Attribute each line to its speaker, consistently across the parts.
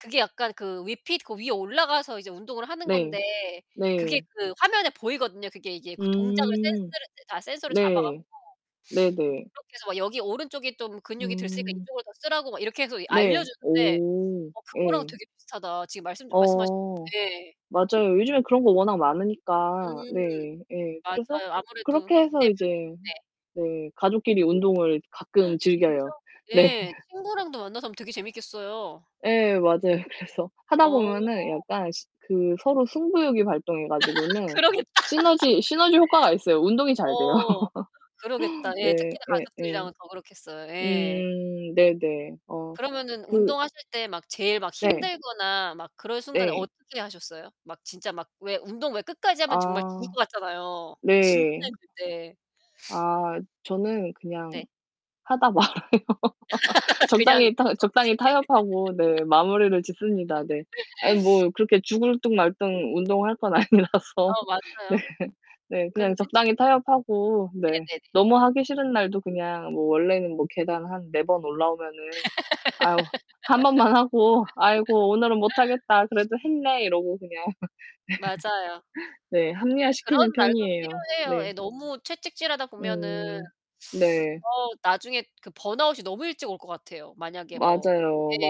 Speaker 1: 그게 약간 그 위핏 그 위에 올라가서 이제 운동을 하는
Speaker 2: 네.
Speaker 1: 건데 그게
Speaker 2: 네.
Speaker 1: 그 화면에 보이거든요. 그게 이게 그 동작을
Speaker 2: 음.
Speaker 1: 센스를 다 센서를 잡아 갖고.
Speaker 2: 네. 네네.
Speaker 1: 그렇게 해서 막 여기 오른쪽이 좀 근육이 덜 쓰니까
Speaker 2: 음.
Speaker 1: 이쪽을 더 쓰라고 막 이렇게 해서
Speaker 2: 네.
Speaker 1: 알려주는데
Speaker 2: 오.
Speaker 1: 어 그거랑
Speaker 2: 예.
Speaker 1: 되게 비슷하다. 지금 말씀 주 말씀하신
Speaker 2: 어.
Speaker 1: 네.
Speaker 2: 맞아요. 요즘에 그런 거 워낙 많으니까.
Speaker 1: 음.
Speaker 2: 네. 예. 그래서
Speaker 1: 맞아요. 아무래도
Speaker 2: 그렇게 해서
Speaker 1: 비대면인
Speaker 2: 이제
Speaker 1: 네.
Speaker 2: 네, 가족끼리 운동을 가끔
Speaker 1: 진짜?
Speaker 2: 즐겨요. 네.
Speaker 1: 예. 친구랑도 만나서 하면 되게 재미있겠어요.
Speaker 2: 예 맞아요. 그래서 하다
Speaker 1: 어.
Speaker 2: 보면은 약간 시 그 서로 승부욕이 발동해 가지고는
Speaker 1: 그러겠다.
Speaker 2: 시너지, 시너지 효과가 있어요. 운동이 잘 돼요.
Speaker 1: 어. 그러겠다. 예
Speaker 2: 네.
Speaker 1: 특히나
Speaker 2: 예예.
Speaker 1: 가족들이랑은 더 그렇겠어요. 예.
Speaker 2: 음. 네네. 어
Speaker 1: 그러면은
Speaker 2: 그
Speaker 1: 운동하실 때 막 제일 막
Speaker 2: 네.
Speaker 1: 힘들거나 막 그럴 순간에
Speaker 2: 네.
Speaker 1: 어떻게 하셨어요? 막 진짜 막 왜 운동 왜 끝까지 하면 정말 죽을
Speaker 2: 아
Speaker 1: 것 같잖아요. 진짜
Speaker 2: 네.
Speaker 1: 힘들 때.
Speaker 2: 아 저는 그냥
Speaker 1: 네.
Speaker 2: 하다 말아요.
Speaker 1: 그냥
Speaker 2: 적당히 타
Speaker 1: 정지.
Speaker 2: 적당히 타협하고 네, 마무리를 짓습니다. 네. 아니 뭐 그렇게 죽을 둥 말 둥 운동할 건 아니라서.
Speaker 1: 어
Speaker 2: 네.
Speaker 1: 맞아요.
Speaker 2: 네
Speaker 1: 근데
Speaker 2: 그냥
Speaker 1: 저
Speaker 2: 적당히 타협하고 네
Speaker 1: 네네네네.
Speaker 2: 너무 하기 싫은 날도 그냥 뭐 원래는 뭐 계단 한 4 번 올라오면은 아유, 1 번만 하고 '아이고 오늘은 못 하겠다. 그래도 했네.' 이러고 그냥.
Speaker 1: 맞아요.
Speaker 2: 네. 네 합리화
Speaker 1: 근데
Speaker 2: 시키는
Speaker 1: 그런 날도
Speaker 2: 편이에요.
Speaker 1: 필요해요.
Speaker 2: 네.
Speaker 1: 예 너무 채찍질하다 보면은
Speaker 2: 음 네.
Speaker 1: 어 나중에 그 번아웃이 너무 일찍 올 것 같아요. 만약에 뭐 예
Speaker 2: 맞아요.
Speaker 1: 한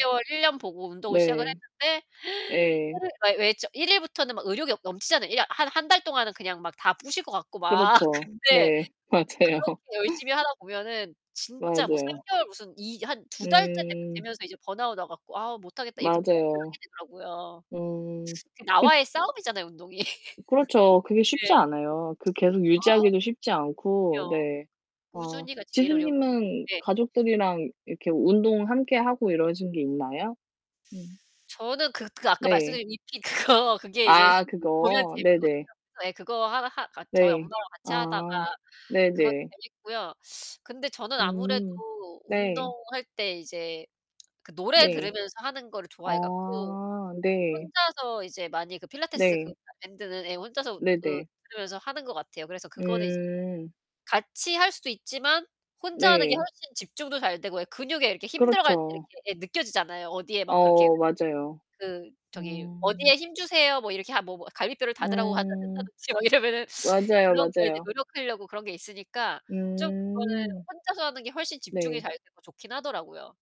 Speaker 1: 6 개월 1 년 보고 운동을 시작을
Speaker 2: 네.
Speaker 1: 했는데
Speaker 2: 예.
Speaker 1: [unintelligible] 왜 좀 1 일부터는 막 의욕이 어 넘치잖아요. 이야 한 1 달 동안은 그냥 막 다 부실 것 같고 막
Speaker 2: 그렇죠.
Speaker 1: 근데
Speaker 2: 네. 맞아요.
Speaker 1: 그렇게 열심히 하다 보면은 진짜 뭐 3
Speaker 2: 맞아요.
Speaker 1: 개월 무슨 이 한 2 달째 되
Speaker 2: 음.
Speaker 1: 되면서 이제 번아웃 와 갖고 '아 못하겠다.' 이렇게 포기를 하게
Speaker 2: 맞아요.
Speaker 1: 되더라고요.
Speaker 2: 음.
Speaker 1: 그
Speaker 2: 그
Speaker 1: 나와의 싸움이잖아요 운동이.
Speaker 2: 그렇죠. 그게 쉽지
Speaker 1: 네.
Speaker 2: 않아요. 그 계속 유지하기도 쉽지
Speaker 1: 아.
Speaker 2: 않고.
Speaker 1: 그럼요.
Speaker 2: 네. 어
Speaker 1: 꾸준히가 제일
Speaker 2: 지수
Speaker 1: 어려운
Speaker 2: 님은
Speaker 1: 네.
Speaker 2: 가족들이랑 이렇게 운동 함께 하고 이러신 게 있나요? 음.
Speaker 1: 저는 그 그 아까
Speaker 2: 네.
Speaker 1: 말씀드린 위핏 그거 그게 이제
Speaker 2: 아
Speaker 1: 보면
Speaker 2: 그거.
Speaker 1: 재밌거든요.
Speaker 2: 네네.
Speaker 1: 예 그거 하 하 그니까 저희 엄마랑
Speaker 2: 네.
Speaker 1: 같이 하다가
Speaker 2: 아.
Speaker 1: 그거
Speaker 2: 네네.
Speaker 1: 재밌고요. 근데 저는 아무래도
Speaker 2: 음 네.
Speaker 1: 운동할 때 이제 그 노래
Speaker 2: 네.
Speaker 1: 들으면서 하는 거를 좋아해 갖고
Speaker 2: 아 네.
Speaker 1: 혼자서 이제 많이 그 필라테스 그
Speaker 2: 네.
Speaker 1: 밴드는 예 혼자서 그
Speaker 2: 네네.
Speaker 1: 들으면서 하는 것 같아요. 그래서 그거는 이제
Speaker 2: 음.
Speaker 1: 같이할 수도 있지만 혼자 하는 게
Speaker 2: 네.
Speaker 1: 훨씬 집중도 잘 되고 예 근육에 이렇게 힘 들어갈 때 이렇게
Speaker 2: 그렇죠.
Speaker 1: 예 느껴지잖아요. 어디에 막 그렇게
Speaker 2: 어 맞아요.
Speaker 1: 그 저기
Speaker 2: 음.
Speaker 1: 어디에 힘주세요. 뭐 이렇게 하 뭐, 뭐 갈비뼈를 닫으라고 한다
Speaker 2: 음
Speaker 1: 한다든지 뭐 이러면은
Speaker 2: 맞아요,
Speaker 1: 그런 거에 이제
Speaker 2: 맞아요.
Speaker 1: 노력하려고 그런 게 있으니까 좀 그거는
Speaker 2: 음.
Speaker 1: 혼자서 하는 게 훨씬 집중이
Speaker 2: 네.
Speaker 1: 잘 되고 좋긴 하더라고요.